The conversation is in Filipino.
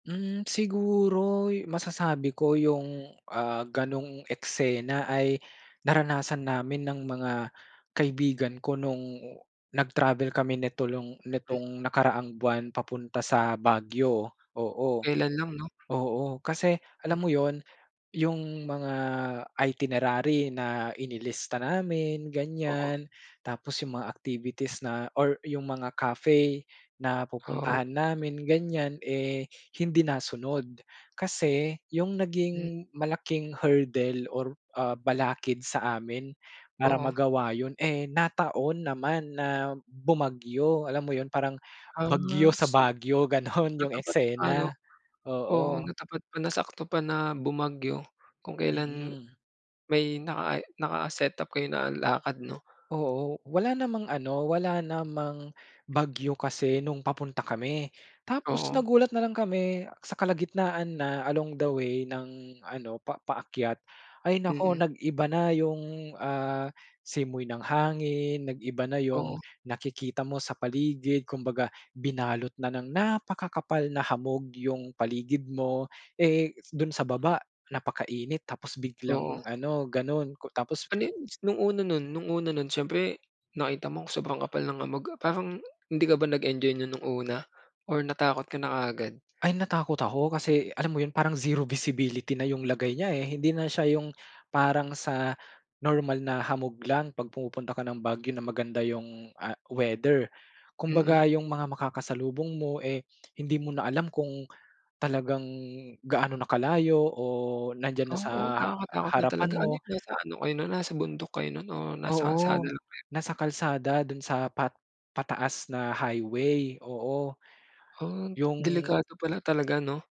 Hmm, siguro 'yu masasabi ko 'yung, ah, gano'ng eksena ay naranasan namin ng mga kaibigan ko no'ng nag-travel kami nito long Mm. nitong nakaraang buwan papunta sa Baguio, Oh, oo. kelan lang 'no? Oo kasi Hmm. alam mo 'yun, 'yung mga itinerary na inilista namin Oo. ganiyan, tapos 'yung mga activities na or 'yung mga cafe na Oo. pupuntahan namin ganiyan, eh, hindi nasunod. Kasi 'yung M naging malaking hurdle or ah, balakid sa amin para Oo. magawa 'yun, eh, nataon naman na bumagyo, alam mo 'yun, parang Ah, bagyo sa see, Baguio, gano'n 'yung natapat pa eksena. 'no? Oo, Oo. natapat pa, nasakto pa na bumagyo kung kelan Mm. may naka i naka-setup kayo na lakad 'no? Oo. Wala namang ano, wala namang bagyo kasi no'ng papunta kami tapos Oo. nagulat na lang kami sa kalagitnaan na along the way ng ano pa paakyat ay naku Mm. nag-iba na 'yung, ah, simoy ng hangin, nag-iba na 'yung Oo. nakikita mo sa paligid, kumbaga binalot na ng napakakapal na hamog 'yung paligid mo, eh, s do'n sa baba napakainit tapos biglang Oo. ano, gano'n ku tapos Ano 'yun s no'ng una no'n no'ng una no'n, siyempre nakita mong sobrang kapal ng hamog, ah, parang hindi ka ba nag-enjoy no'n no'ng una or natakot ka na kaagad? Ay, natakot ako kasi alam mo 'yun, parang zero visibility na 'yung lagay niya, eh, hindi na siya 'yung parang sa normal na hamog lang 'pag pumupunta ka ng Baguio na maganda 'yung, ah, weather. Kumbaga Mm. 'yung mga makakasalubong mo, eh, hindi mo na alam kung talagang gaano na kalayo o nandiyan na sa Oo, ha nakakatakot na harapan talaga. Ano mo. 'yun nasa ano kayo no'n nasa bundok kayo no'n or nasa Oo, kalsada lang kayo? nasa kalsada do'n sa pat pataas na highway. Oo Oh, d yung delikado pala talaga 'no?